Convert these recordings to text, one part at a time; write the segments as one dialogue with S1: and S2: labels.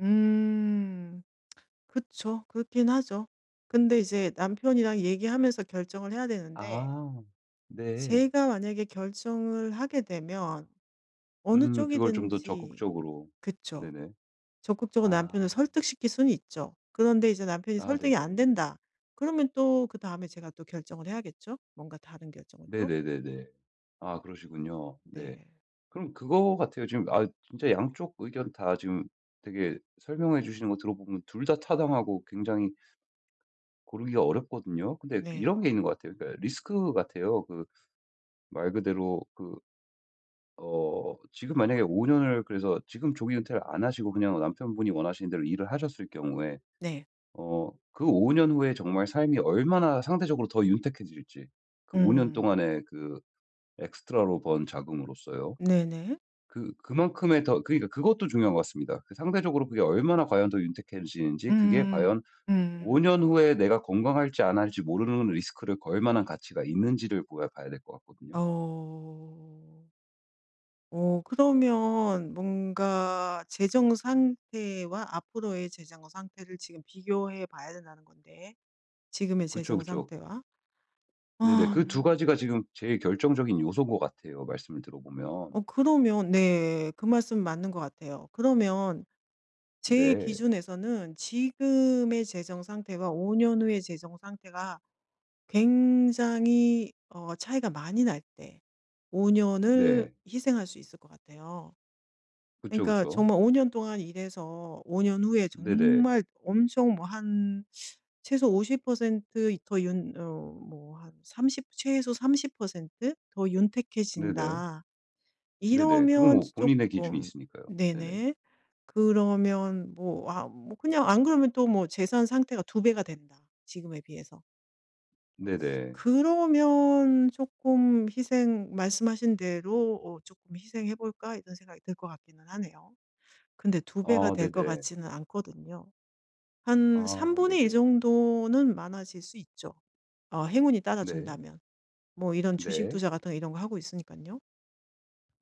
S1: 음. 그쵸. 그렇긴 하죠. 근데 이제 남편이랑 얘기하면서 결정을 해야 되는데
S2: 아 네.
S1: 제가 만약에 결정을 하게 되면 어느
S2: 음. 그걸 좀 더
S1: 쪽이든지
S2: 적극적으로.
S1: 그쵸.
S2: 네네.
S1: 적극적으로 남편을
S2: 아.
S1: 설득시킬 수는 있죠. 그런데 이제 남편이
S2: 아
S1: 설득이
S2: 네네.
S1: 안된다 그러면 또 그다음에 제가 또 결정을 해야겠죠? 뭔가 다른 결정을 또.
S2: 네네네네. 아 그러시군요. 네.
S1: 네.
S2: 그럼 그거 같아요. 지금 아 진짜 양쪽 의견 다 지금 되게 설명해 주시는 거 들어보면 2 다 타당하고 굉장히 고르기가 어렵거든요. 근데 그
S1: 네.
S2: 이런 게 있는 것 같아요. 그러니까 리스크 같아요. 그 말 그대로 그 어 지금 만약에 5 년을 그래서 지금 조기 은퇴를 안 하시고 그냥 남편분이 원하시는 대로 일을 하셨을 경우에
S1: 네.
S2: 어 그 5 년 후에 정말 삶이 얼마나 상대적으로 더 윤택해질지 그 5 년
S1: 음.
S2: 동안에 그 엑스트라로 번 자금으로서요.
S1: 네네.
S2: 그 그만큼의 더 그러니까 그것도 중요한 것 같습니다. 그 상대적으로 그게 얼마나 과연 더 윤택해지는지 그게
S1: 음음
S2: 과연 5 년
S1: 음음.
S2: 후에 내가 건강할지 안 할지 모르는 리스크를 걸 만한 가치가 있는지를 보야 봐야 될 것 같거든요.
S1: 어. 어 그러면 뭔가 재정 상태와 앞으로의 재정 상태를 지금 비교해 봐야 된다는 건데, 지금의
S2: 그쵸,
S1: 재정
S2: 그쵸.
S1: 상태와.
S2: 네네. 그 2
S1: 아.
S2: 가지가 지금 제일 결정적인 요소 것 같아요, 말씀을 들어보면.
S1: 어 그러면 네. 그 말씀 맞는 것 같아요. 그러면 제
S2: 네.
S1: 기준에서는 지금의 재정 상태와 5 년 후의 재정 상태가 굉장히 어 차이가 많이 날 때 5 년을
S2: 네.
S1: 희생할 수 있을 것 같아요.
S2: 그쵸,
S1: 그러니까
S2: 그쵸.
S1: 정말 5 년 동안 일해서 5 년 후에
S2: 네네.
S1: 정말 엄청 뭐 한 최소 50% 더 윤 어 뭐 한 30 최소 30% 더
S2: 네네.
S1: 윤택해진다
S2: 네네. 그건
S1: 이러면
S2: 뭐 본인의 기준이
S1: 쪼끔
S2: 있으니까요. 네네.
S1: 네네. 그러면 뭐 아 뭐 그냥 안 그러면 또 뭐 재산 상태가 2 배가 된다, 지금에 비해서.
S2: 네네.
S1: 그러면 쪼끔 희생 말씀하신 대로 어 '쪼끔 희생해 볼까.' 이런 생각이 들 것 같기는 하네요. 근데 2 배가
S2: 아
S1: 될 것
S2: 네네.
S1: 같지는 않거든요. 한
S2: 아
S1: 1/3
S2: 네네.
S1: 정도는 많아질 수 있죠, 어 행운이
S2: 네.
S1: 따라준다면. 뭐 이런 주식
S2: 네.
S1: 투자 같은 거 이런 거 하고 있으니깐요.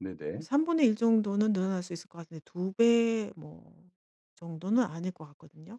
S2: 네네.
S1: 1/3 정도는 늘어날 수 있을 것 같은데 2 배 뭐 정도는 아닐 것 같거든요.